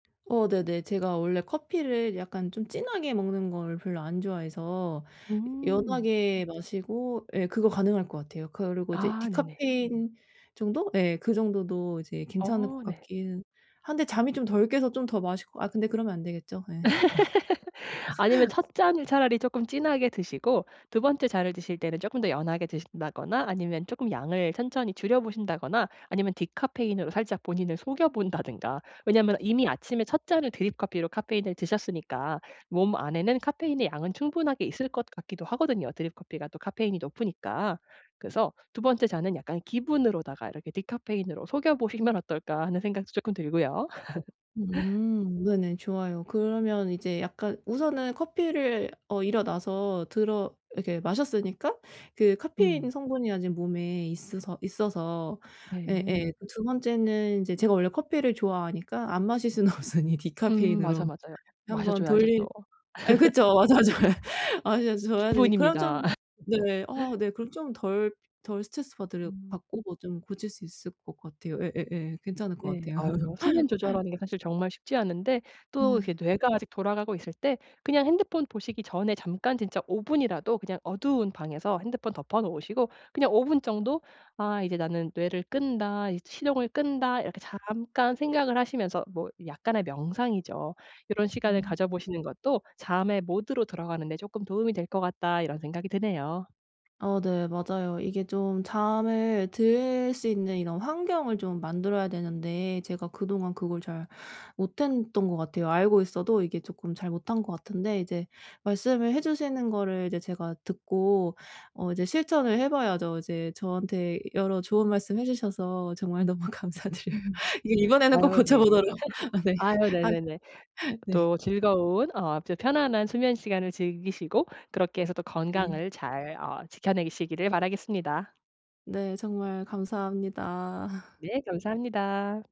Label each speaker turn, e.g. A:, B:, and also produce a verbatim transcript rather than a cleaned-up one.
A: 어 네네. 제가 원래 커피를 약간 좀 진하게 먹는 걸 별로 안 좋아해서 여
B: 음.
A: 연하게 마시고 예. 그거 가능할 거 같아요. 그리고 이제
B: 아. 네네.
A: 디카페인 정도? 예. 그 정도도 이제 괜찮을 거
B: 어. 네.
A: 같기는 한데 잠이 좀 덜 깨서 좀 더 마실 거 아 근데 그러면 안 되겠죠? 예.
B: 아니면 첫 잔을 차라리 쪼끔 진하게 드시고 두 번째 잔을 드실 때는 쪼끔 더 연하게 드신다거나 아니면 쪼끔 양을 천천히 줄여 보신다거나 아니면 디카페인으로 살짝 본인을 속여 본다든가. 왜냐하면 이미 아침에 첫 잔을 드립 커피로 카페인을 드셨으니까 몸 안에는 카페인의 양은 충분하게 있을 것 같기도 하거든요 드립 커피가 또 카페인이 높으니까. 그래서 '두 번째 잔은 약간 기분으로다가 이렇게 디카페인으로 속여 보시면 어떨까.' 하는 생각도 쪼끔 들고요.
A: 음. 네네. 좋아요. 그러면 이제 약간 우선은 커피를 어 일어나서 들어 이렇게 마셨으니까 그 카페인
B: 음.
A: 성분이 아직 몸에 있으서 있어서
B: 네.
A: 예예. 두 번째는 인제 제가 원래 커피를 좋아하니까 안 마실 수는 없으니
B: 음. 맞아.
A: 디카페인으로
B: 맞아요.
A: 한
B: 마셔
A: 번
B: 줘야죠.
A: 돌린
B: 또.
A: 아 그쵸. 자주. 예. 아 자주 줘야 되니. 그럼
B: 기분입니다.
A: 좀 네. 아 네 그럼 좀 덜 덜 스트레스 받을
B: 음.
A: 받고 뭐 좀 고칠 수 있을 거 같아요. 예예예. 괜찮을 거
B: 네.
A: 같아요.
B: 아유. 수면 조절하는 게 사실 정말 쉽지 않은데 또
A: 네.
B: 이렇게 뇌가 아직 돌아가고 있을 때 그냥 핸드폰 보시기 전에 잠깐 진짜 오 분이라도 그냥 어두운 방에서 핸드폰 덮어 놓으시고 그냥 오 분 정도 '아 이제 나는 뇌를 끈다. 이제 시동을 끈다.' 이렇게 잠깐 생각을 하시면서 뭐 약간의 명상이죠. '요런 시간을
A: 음.
B: 가져 보시는 것도 잠의 모드로 들어가는데 쪼끔 도움이 될 거 같다.' 이런 생각이 드네요.
A: 어 네. 맞아요. 이게 좀 잠을 들 수 있는 이런 환경을 좀 만들어야 되는데 제가 그동안 그걸 잘 못했던 거 같아요. 알고 있어도 이게 조금 잘 못한 거 같은데 이제 말씀을 해 주시는 거를 이제 제가 듣고 어 이제 실천을 해 봐야죠. 이제 저한테 여러 좋은 말씀해 주셔서 정말 너무 감사드려요. 이 이번에는 꼭
B: 아유 네.
A: 고쳐보도록 아 네.
B: 아유
A: 하
B: 네네네.
A: 네.
B: 또 즐거운 어 또 편안한 수면 시간을 즐기시고 그렇게 해서 또
A: 네.
B: 건강을 잘 어 지켜내시기를 바라겠습니다.
A: 네. 정말 감사합니다.
B: 네. 감사합니다.